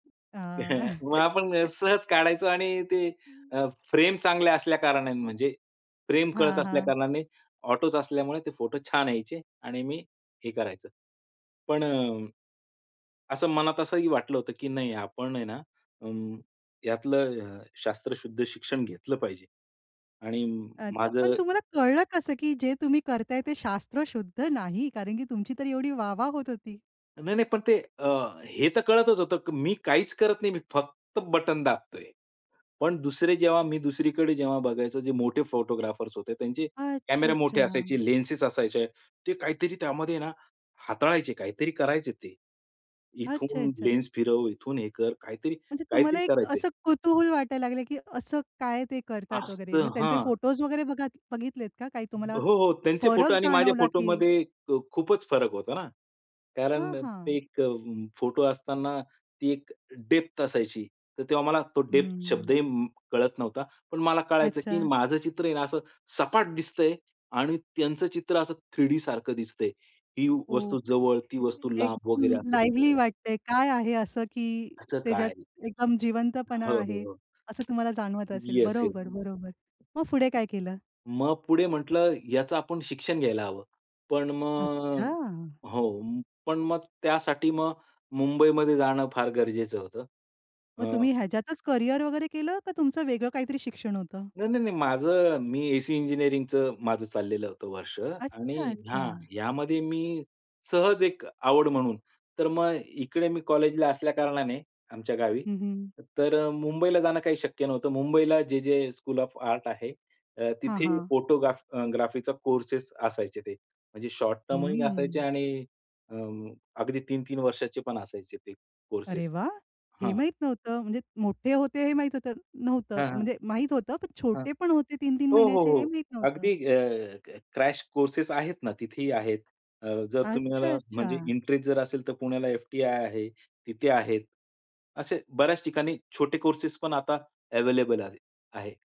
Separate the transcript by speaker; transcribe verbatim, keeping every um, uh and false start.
Speaker 1: हां.
Speaker 2: मग आपण सहज काढायचो आणि ते अ, फ्रेम चांगल्या असल्या कारणाने म्हणजे, फ्रेम कळत
Speaker 1: हां,
Speaker 2: असल्या
Speaker 1: हां.
Speaker 2: कारणाने ऑटोच असल्यामुळे ते फोटो छान यायचे आणि मी हे करायचं. पण अ, असं मनात असंही वाटलं होतं, की नाही आपण आहे ना अ, यातलं अ, शास्त्रशुद्ध शिक्षण घेतलं पाहिजे. आणि
Speaker 1: अच्छा, पण
Speaker 2: माझं
Speaker 1: तुम्हाला कळलं कसं की जे तुम्ही करताय ते शास्त्रशुद्ध नाही. कारण की तुमची तर एवढी वाह, वाह होत होती?
Speaker 2: नाही, नाही. पण ते अ, हे तर कळतच होतं, की मी काहीच करत नाही. मी फक्त बटन दाबतोय. पण दुसरे जेव्हा मी दुसरीकडे जेव्हा बघायचो, जे मोठे फोटोग्राफर्स होते. त्यांचे कॅमेरा मोठे
Speaker 1: अच्छा-अच्छा.
Speaker 2: असायचे, लेन्सेस असायचे. ते काहीतरी त्यामध्ये ना हाताळायचे, काहीतरी करायचे ते. इथून
Speaker 1: अच्छा-अच्छा.
Speaker 2: लेन्स फिरव. इथून हे कर. काहीतरी
Speaker 1: म्हणजे तुम्हाला
Speaker 2: काहीतरी
Speaker 1: एक
Speaker 2: करायचे.
Speaker 1: असं कुतूहल वाटायला लागलं, की असं काय ते करतात वगैरे?
Speaker 2: असतं.
Speaker 1: मग त्यांचे
Speaker 2: हां.
Speaker 1: फोटोज वगैरे बघा बघितलेत का? काय तुम्हाला
Speaker 2: हो, हो. त्यांचे फोटो
Speaker 1: फरक
Speaker 2: आणि माझ्या
Speaker 1: जाणवला, की
Speaker 2: फोटोमध्ये अ, खूपच फरक होता ना. कारण
Speaker 1: हां,
Speaker 2: ते
Speaker 1: हां.
Speaker 2: एक अ, फोटो असताना ती एक डेप्थ असायची. तर तेव्हा मला तो डेप्थ
Speaker 1: हं.
Speaker 2: शब्दही कळत नव्हता. पण मला कळायचं, की
Speaker 1: अच्छा.
Speaker 2: माझं चित्र आहे ना असं सपाट दिसतंय आणि त्यांचं चित्र असं थ्री डी सारखं दिसतंय. ही वस्तू
Speaker 1: ओके.
Speaker 2: जवळ, ती वस्तू
Speaker 1: एक
Speaker 2: लांब, वगैरे
Speaker 1: हं,
Speaker 2: असं
Speaker 1: लाईव्हली
Speaker 2: दिसतंय.
Speaker 1: वाटतंय. काय आहे असं, की
Speaker 2: असं काय
Speaker 1: त्याच्यात
Speaker 2: आहे?
Speaker 1: एकदम जिवंतपणा
Speaker 2: हो, हो,
Speaker 1: आहे?
Speaker 2: हो.
Speaker 1: असं तुम्हाला जाणवत असेल.
Speaker 2: Yes yes.
Speaker 1: बरोबर. बरोबर. मग पुढे काय केलं?
Speaker 2: मग पुढे म्हटलं याचं आपण शिक्षण घ्यायला हवं. पण मग
Speaker 1: अच्छा.
Speaker 2: हो, पण मग त्यासाठी मग मुंबईमध्ये जाणं फार गरजेचं होतं.
Speaker 1: मग तुम्ही
Speaker 2: अ
Speaker 1: ह्याच्यातच करियर वगैरे केलं का? तुमचं वेगळं काहीतरी शिक्षण होतं?
Speaker 2: नाही, नाही, नाही. माझं मी एसी इंजिनिअरिंगचं माझं चाललेलं होतं वर्ष आणि हां,
Speaker 1: अच्छा-अच्छा.
Speaker 2: ह्यामध्ये मी सहज एक आवड म्हणून. तर मग इकडे मी कॉलेजला असल्या कारणाने आमच्या गावी,
Speaker 1: हं, हं.
Speaker 2: तर अ, मुंबईला जाणं काही शक्य नव्हतं. मुंबईला जे जे स्कूल ऑफ आर्ट आहे.
Speaker 1: हां,
Speaker 2: तिथे
Speaker 1: हां.
Speaker 2: फोटोग्राफ ग्राफीचा कोर्सेस असायचे ते. म्हणजे शॉर्ट टर्म ही असायचे
Speaker 1: हम्म.
Speaker 2: आणि अ, अगदी तीन तीन वर्षाचे पण असायचे ते
Speaker 1: अरे,
Speaker 2: कोर्सेस.
Speaker 1: वाह! हे
Speaker 2: हां.
Speaker 1: माहित नव्हतं. म्हणजे मोठे होते हे माहीत होतं नव्हतं,
Speaker 2: हां, हां
Speaker 1: म्हणजे माहित होतं, पण
Speaker 2: हां.
Speaker 1: छोटे पण होते तीन तीन
Speaker 2: हो, हो,
Speaker 1: महिन्याचे हे
Speaker 2: हो.
Speaker 1: माहित नव्हतं.
Speaker 2: अगदी अ, क्रॅश कोर्सेस आहेत ना तिथेही आहेत. अ, जर तुम्हाला म्हणजे
Speaker 1: अच्छा-अच्छा.
Speaker 2: इंटरेस्ट जर असेल तर पुण्याला एफ-टी-आय आहे, तिथे आहेत. असे बऱ्याच ठिकाणी छोटे कोर्सेस पण आता अव्हेलेबल आहे आहे.